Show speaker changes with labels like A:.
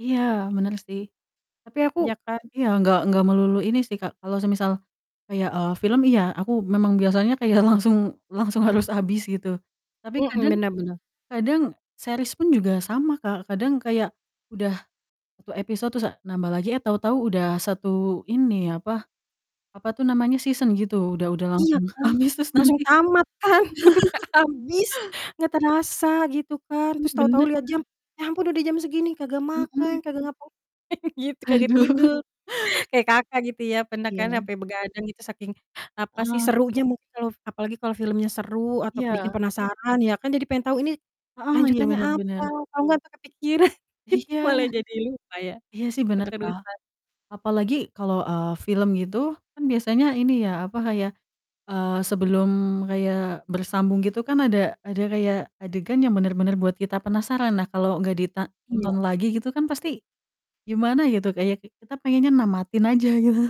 A: Iya, bener sih. Tapi aku
B: Iya kan?
A: iya, nggak nggak melulu ini sih, Kak, kalau semisal kayak, eee, film, iya aku memang biasanya kayak langsung langsung harus habis, gitu. Tapi
B: Mhm,
A: kadang
B: benar benar.
A: kadang series pun juga sama, Kak, kadang kayak udah 1 episode, terus, eee, nambah lagi, eh tahu-tahu udah satu ini, apa apa tuh namanya, season gitu udah udah
B: Iya,
A: langsung
B: kan?
A: habis terus
B: Langsung
A: nanti
B: tamat kan? Nggak habis, nggak terasa, gitu kan.
A: Hmm,
B: Terus, tahu-tahu
A: bener.
B: liat jam, "Ya ampun, udah jam segini, kagak makan,
A: Mhm.
B: kagak ngapain-ngapain gitu, kagak
A: Aduh.
B: tidur" kayak, Kakak, gitu ya, pernah kan
A: Iya.
B: sampai begadang gitu saking, apa sih,
A: Heeh.
B: serunya mungkin kalau apalagi kalau filmnya seru atau bikin
A: Iya.
B: penasaran ya kan? Jadi pengen tahu, "Ini,
A: Heeh, iya,
B: lanjutannya
A: bener
B: apa?"
A: bener.
B: Kalo nggak sampai kepikiran, gitu
A: Iya.
B: malah jadi lupa ya,
A: Iya sih, bener, Kak,
B: keterusan.
A: apalagi kalau, eee, film gitu, kan biasanya ini ya, apa, kayak, eee, sebelum kayak bersambung gitu kan, ada ada kayak adegan yang bener-bener buat kita penasaran lah, kalau nggak dita
B: Iya.
A: ditonton lagi, gitu kan, pasti gimana gitu, kayak ki kita pengennya namatin aja, gitu.